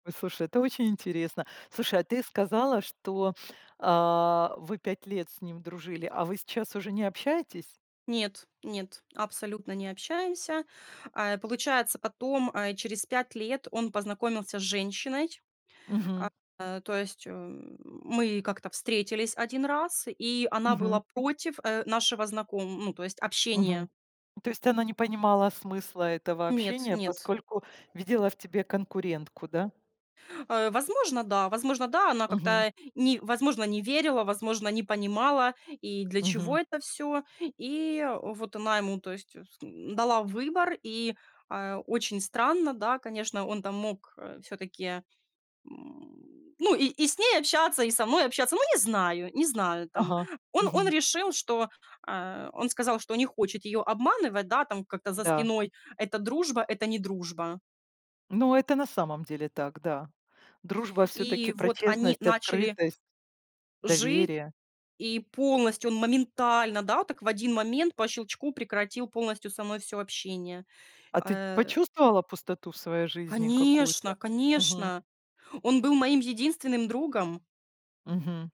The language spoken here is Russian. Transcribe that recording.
Ой, слушай, это очень интересно. Слушай, а ты сказала, что, а, вы 5 лет с ним дружили, а вы сейчас уже не общаетесь? Нет, нет, абсолютно не общаемся. А, э, получается, потом, э, через 5 лет он познакомился с женщиной. Мгм. А, э, то есть м мы как-то встретились 1 раз, и она была Мгм. против, э, нашего знаком ну, то есть Мгм. общения. То есть она не понимала смысла этого Нет, общения, нет. поскольку видела в тебе конкурентку, да? А возможно, да, возможно, да, она Мгм. как-то, ни возможно, не верила, возможно, не понимала, и для чего Мгм. это всё. И вот она ему, то есть, с м, дала выбор, и, а, очень странно, да, конечно, он там мог, э, всё-таки, м, ну, и и с ней общаться, и со мной общаться, ну, не знаю, не знаю там. Ага. Он он Мгм. решил, что, а, он сказал, что не хочет её обманывать, да, там как-то за Да. спиной. Эта дружба- это не дружба. Ну, это на самом деле так, да. Дружба всё-таки И про вот они честность, начали открытость, жи доверие. и полностью он моментально, да, от так в 1 момент по щелчку прекратил полностью со мной всё общение, А а, ты ть э почувствовала пустоту в своей жизни какую-то? Конечно, Мгм. конечно, он был моим единственным другом. Мгм.